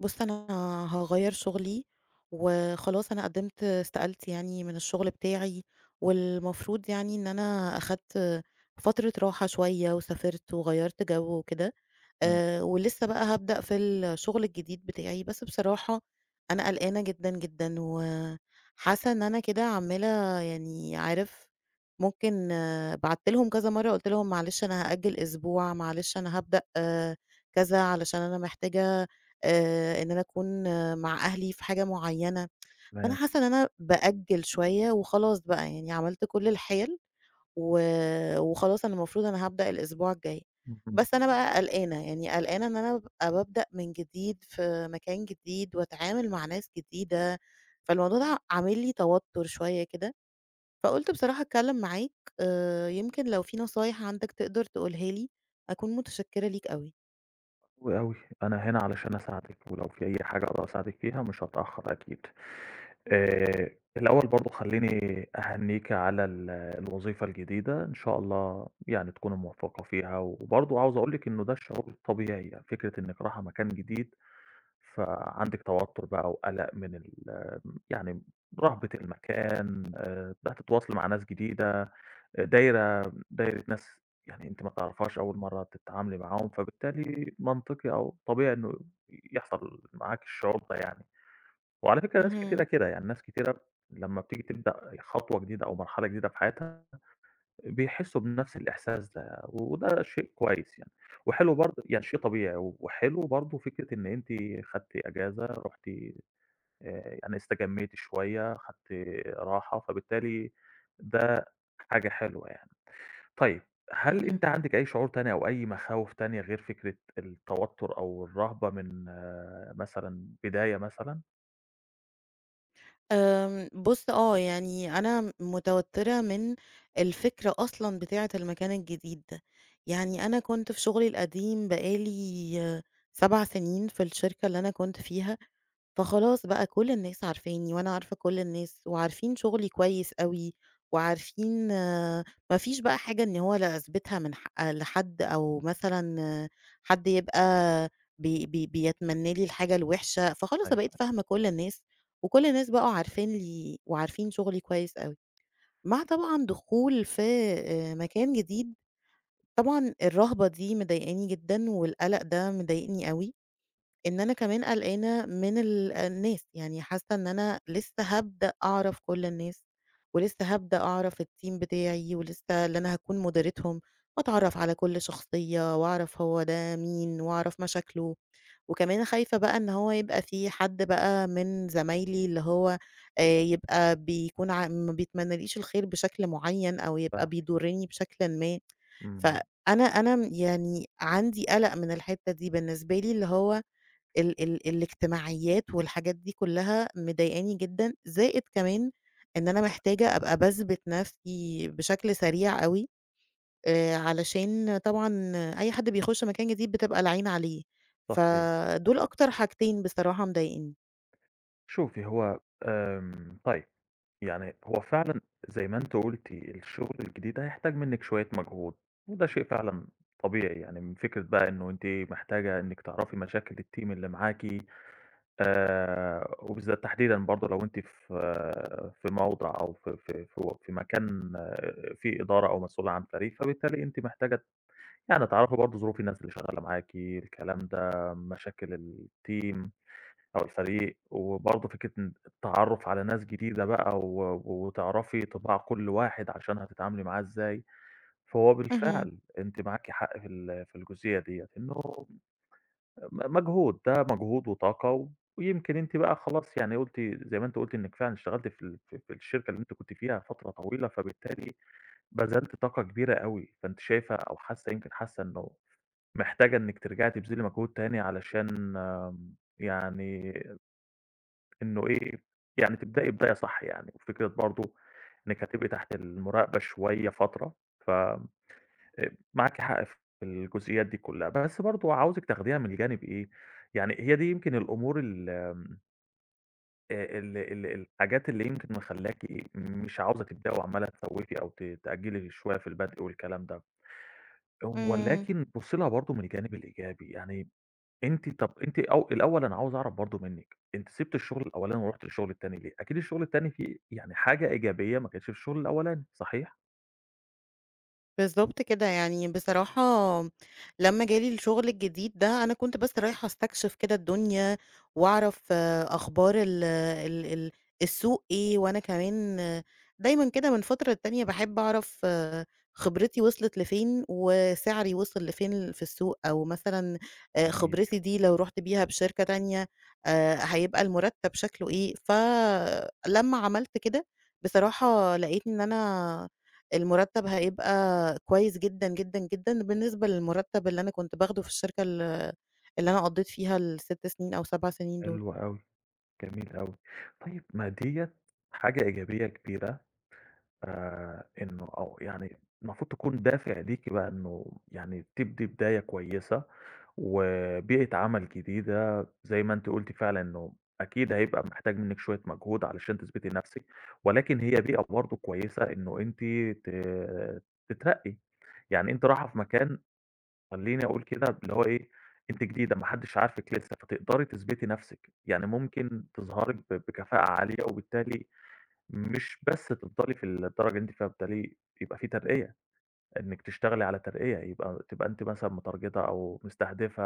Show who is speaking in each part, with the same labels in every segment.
Speaker 1: بُص أنا هاغيِّر شغلي، وخلاص أنا قدَّمت استقالتي يعني من الشغل بتاعي، والمفروض يعني إن أنا أخَدت فترة راحة شوية وسافَرت وغيَّرت جو وكده.
Speaker 2: امم.
Speaker 1: آآ، ولسه بقى هابدأ في الشغل الجديد بتاعي، بس بصراحة، أنا قلقانة جدًا جدًا و حاسَّة إن أنا كده عمَّالة، يعني عارِف، ممكن بعَتّ لهُم كذا مرَّة قُلت لهُم: "معلش أنا هأجِّل أسبوع، معلش أنا هابدأ كذا علشان أنا محتاجة آآ، إن أنا أكون مع أهلي في حاجة معيَّنة." فأنا
Speaker 2: تمام.
Speaker 1: حاسَّة إن أنا بأجِّل شوية وخلاص بقى يعني، عملت كل الحِيَل، وخلاص أنا المفروض أنا هابدأ الأسبوع الجاي.
Speaker 2: اهم.
Speaker 1: بس أنا بقى قلقانة، يعني قلقانة إن أنا أبقى بابدأ من جديد في مكان جديد، وأتعامَل مع ناس جديدة، فالموضوع ده عامل لي توتُّر شوية كده. فقُلت بصراحة أتكلَّم معاك آآ، يمكن لو في نصايِح عندك تقدَر تقولها لي أكون متشكِّرة ليك أوي.
Speaker 2: أوي، أوي، أنا هنا علشان أساعدِك، ولو في أي حاجة أقدَر أساعدِك فيها مش هتأخَّر أكيد. آآ، الأوَّل برضه خلِّيني أهنِّيكِ على ال الوظيفة الجديدة، إن شاء الله يعني تكوني مُوَفَّقة فيها. وبرضه عايِز أقول لِك إنه ده الشعور الطبيعي يعني، فكرة إنَّك راحِة مكان جديد، فعندِك توتُّر بقى وقلَق من ال يعني رهبة المكان. آآ، هتتواصَلي مع ناس جديدة، دايِرة دايِرة ناس يعني، أنتِ ما تعرفيهاش، أوَّل مرَّة تتعاملي معاهم، فبالتالي منطقي أو طبيعي إنه يحصل معاكِ الشعور ده يعني. وعلى فكرة ناس كتيرة
Speaker 1: اهم.
Speaker 2: كده يعني، ناس كتيرة لمّا بتيجي تبدأ خطوة جديدة أو مرحلة جديدة في حياتها، بيحِسُّوا بنَفْس الإحساس ده، وده شيء كويِّس يعني وحِلو برضه يعني شيء طبيعي وحِلو برضه، فكرة إن أنتِ خدتِ إجازة، رُحتِ آآ، يعني استجَمِّيتِ شوية، خدتِ راحة، فبالتالي ده حاجة حِلوة يعني. طيب هل
Speaker 1: اهم.
Speaker 2: أنتِ عندِك أي شعور تاني أو أي مخاوِف تانية غير فكرة التوتُّر أو الرهبة من مثلًا بداية مثلًا؟
Speaker 1: آمم بُص آه، يعني أنا م متوتّرة من الفكرة أصلًا بتاعة المكان الجديد ده. يعني أنا كنت في شُغلي القديم بقى لي 7 سِنين في الشركة اللي أنا كنت فيها، فخلاص بقى كل الناس عارفاني وأنا عارفة كل الناس وعارفين شُغلي كويس أوي وعارفين ما فيش بقى حاجة إن هو لأثبِتها من ح لحد أو مثلًا حد يبقى ب ب بيتمنّى لي الحاجة الوِحشة، فخلاص أنا بقيت
Speaker 2: أيوه. [unintelligible]
Speaker 1: فاهمة كل الناس وكل الناس بقوا عارفين لي وعارفين شُغلي كويس أوي. مع طبعًا دخول في آآ مكان جديد، طبعًا الرَهبة دي مضايقاني جدًا والقَلَق ده مضايقني أوي، إن أنا كمان قلقانة من ال الناس، يعني حاسّة إن أنا لسّه هابدأ أعرف كل الناس، ولسّه هابدأ أعرف الteam بتاعي ولسّه اللي أنا هاكون مُديرتهم وأتعرّف على كل شخصية وأعرف هو ده مين وأعرف مشاكله. وكمان خايفة بقى إن هو يبقى في حد بقى من زمايلي اللي هو آآ يبقى بيكون ع ما بيتمنّاليش الخير بشكل معيّن أو يبقى
Speaker 2: فاهمِك.
Speaker 1: بيضُرِّني بشكلٍ ما،
Speaker 2: إمم.
Speaker 1: فأنا أنا م يعني عندي قَلَق من الحتّة دي بالنسبة لي اللي هو ال ال الاجتماعيّات والحاجات دي كُلّها مضايقاني جدًا زائد كمان إن أنا محتاجة أبقى باثبِت نفسي بشكل سريع أوي آآ علشان طبعًا أي حد بيخُش مكان جديد بتبقى العين عليه،
Speaker 2: صحيح،
Speaker 1: فدول
Speaker 2: صحيح.
Speaker 1: أكتر حاجتين بصراحة مضايقينّي.
Speaker 2: شوفي، هو آمم، طيب، يعني هو فعلًا زي ما أنتِ قلتِ الشغل الجديد ده، هيحتاج منِّك شوية مجهود، وده شيء فعلًا طبيعي، يعني من فكرة بقى إنه أنتِ محتاجة إنِّك تعرفي مشاكل الteam اللي معاكِ، آآ، وبالذات تحديدًا برضه لو أنتِ في في موضِع أو في في في و في مكان آآ، في إدارة أو مسؤولة عن فريق، فبالتالي أنتِ محتاجة ت يعني تعرفي برضه ظروف الناس اللي شغالة معاكِ، الكلام ده، مشاكل الteam أو الفريق، وبرضه فكرة ان التعرُّف على ناس جديدة بقى، و وتعرَفي طباع كل واحد عشان هتتعاملي معاه إزاي، فهو
Speaker 1: اهم.
Speaker 2: بالفعل أنتِ معاكِ حق في ال في الجزئية ديَّة، إنه م مجهود، ده مجهود وطاقة، ويمكن أنتِ بقى خلاص يعني قلتِ زي ما أنتِ قلتِ إنِّك فعلًا اشتغلتِ في ال في في الشركة اللي أنتِ كنتِ فيها فترة طويلة، فبالتالي بذلتِ طاقة كبيرة أوي، فأنتِ شايفة أو حاسة يمكن حاسة إنه محتاجة إنِّك ترجعي تبذلي مجهود تاني علشان يعني إنه إيه يعني تبدئي بداية صح يعني، وفكرة برضه إنِّك هتبقي تحت المراقبة شوية فترة ف آآ، معاكِ حق في الجزئيات دي كلّها، بس برضه عاوزِك تاخديها من الجانب إيه، يعني هي دي يمكن الأمور ال آآ، ال ال الحاجات اللي يمكن مخلياكِ مش عاوزة تبدئي وعمّالة تسوفي أو ت تأجلي شوية في البدء والكلام ده،
Speaker 1: إمم.
Speaker 2: ولكن بُصي لها برضه من الجانب الإيجابي يعني أنتِ طب أنتِ أو الأول أنا عاوز أعرف برضه منك، أنتِ سِبتِ الشغل الأولاني ورُحتِ الشغل التاني ليه؟ أكيد الشغل التاني فيه يعني حاجة إيجابية ما كانتش في الشغل الأولاني، صحيح؟
Speaker 1: بالضبط كده، يعني بصراحة لما جالي الشُغل الجديد ده أنا كنت بس رايحة أستكشف كده الدنيا، وأعرف أخبار ال ال ال السوق إيه، وأنا كمان دايمًا كده من فترة للتانية باحب أعرف خبرتي وصلت لفين، وسعري وصل لفين في السوق أو مثلًا
Speaker 2: جميل.
Speaker 1: خبرتي دي لو رُحت بيها بشركة تانية آآ، هيبقى المرتب شكله إيه؟ ف لما عملت كده، بصراحة لقيت إن أنا المرتب هيبقى كويس جدًا، جدًا، جدًا بالنسبة للمرتب اللي أنا كنت باخده في الشركة ال اللي أنا قضيت فيها ال6 سنين أو 7 سنين دول.
Speaker 2: حلو أوي، جميل أوي، طيب ما ديّة حاجة إيجابية كبيرة، آآ، إنه أو يعني المفروض تكون دافع ليكِ بقى إنه يعني تبدي بداية كويسة، وبيئة عمل جديدة، زي ما أنتِ قُلتِ فعلًا إنه أكيد هيبقى محتاج مِنك شوية مجهود علشان تثبتي نفسك، ولكن هي بيئة برضه كويسة إنه أنتِ ت تترقي، يعني أنتِ رايحة في مكان خلّيني أقول كده اللي هو إيه، أنتِ جديدة ما حدش عارفِك لسه فتقدري تثبتي نفسِك، يعني ممكن تظهري ب بكفاءة عالية وبالتالي مش بس تفضلي في الدرجة اللي أنتِ فيها، فبتالي يبقى في ترقية، إنك تشتغلي على ترقية، يبقى تبقى أنتِ مثلًا مترجتة أو مستهدفة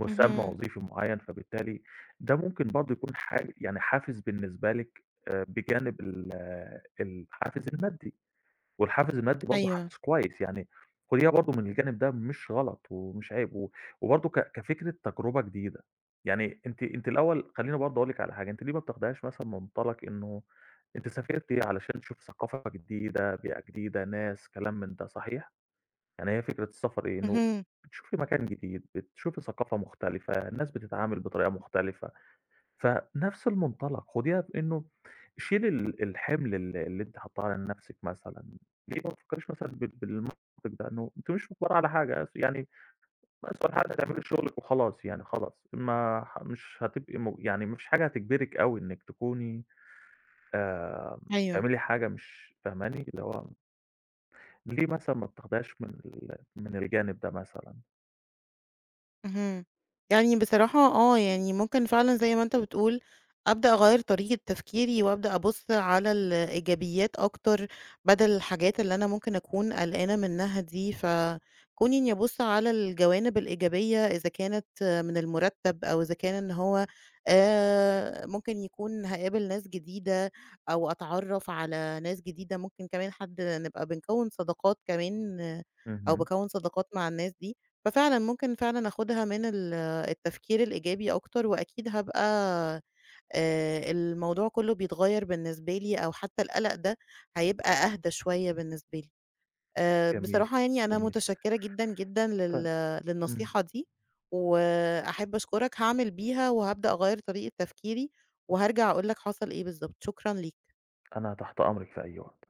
Speaker 2: مُسمى
Speaker 1: اهم.
Speaker 2: وظيفي معين فبالتالي ده ممكن برضه يكون حا يعني حافز بالنسبة لكِ آآ بجانب ال الحافز المادي، والحافز المادي برضه
Speaker 1: أيوه.
Speaker 2: حافز كويس، يعني خُديها برضه من الجانب ده مش غلط ومش عيب، و وبرضه ك كفكرة تجربة جديدة، يعني أنتِ أنتِ الأول خلّيني برضه أقول لكِ على حاجة أنتِ ليه ما بتاخديهاش مثلًا من منطلق إنه أنتِ سافرتِ علشان تشوفي ثقافة جديدة، بيئة جديدة، ناس، كلام من ده صحيح؟ يعني هي فكرة السفر إيه؟ إنه
Speaker 1: اهم.
Speaker 2: بتشوفي مكان جديد، بتشوفي ثقافة مختلفة، الناس بتتعامل بطريقة مختلفة، فنفس المنطلق خديها بإنه شيلي ال الحِمل اللي اللي أنتِ حاطاه على نفسِك مثلًا، ليه ما تفكريش مثلًا بال بالمنطق ده إنه أنتِ مش مُجبرة على حاجة يعني أسهل حاجة تعملي شُغلك وخلاص يعني خلاص ما مش هتبقي م يعني ما فيش حاجة هتجبرِك أوي إنِك تكوني آآ،
Speaker 1: أيوه.
Speaker 2: تعملي حاجة مش فاهماني؟ اللي هو ليه مثلًا ما بتاخديهاش من ال من الجانب ده مثلًا.
Speaker 1: اهم، يعني بصراحة آه، يعني ممكن فعلًا زي ما أنتَ بتقول، أبدأ أغيّر طريقة تفكيري وأبدأ أبُص على الإيجابيات أكتر، بدل الحاجات اللي أنا ممكن أكون قلقانة منها دي، فكوني إني أبُص على الجوانب الإيجابية إذا كانت من المرتب أو إذا كان إن هو آآ، ممكن يكون هاقابل ناس جديدة أو أتعرّف على ناس جديدة ممكن كمان حد نبقى بنكوّن صداقات كمان أو
Speaker 2: اهم.
Speaker 1: باكوّن صداقات مع الناس دي، ففعلًا ممكن فعلًا آخُدها من ال التفكير الإيجابي أكتر، وأكيد هابقى آآ، الموضوع كله بيتغير بالنسبة لي أو حتى القلق ده هيبقى أهدى شوية بالنسبة لي. آآ،
Speaker 2: جميل،
Speaker 1: بصراحة يعني أنا
Speaker 2: جميل.
Speaker 1: متشكرة جدًا جدًا
Speaker 2: ط
Speaker 1: لل
Speaker 2: إمم.
Speaker 1: للنصيحة دي و أحب أشكرك هاعمل بيها وهابدأ أغير طريقة تفكيري، وهارجع أقول لك حصل إيه بالضبط، شكرًا ليك.
Speaker 2: أنا تحت أمرِك في أي وقت.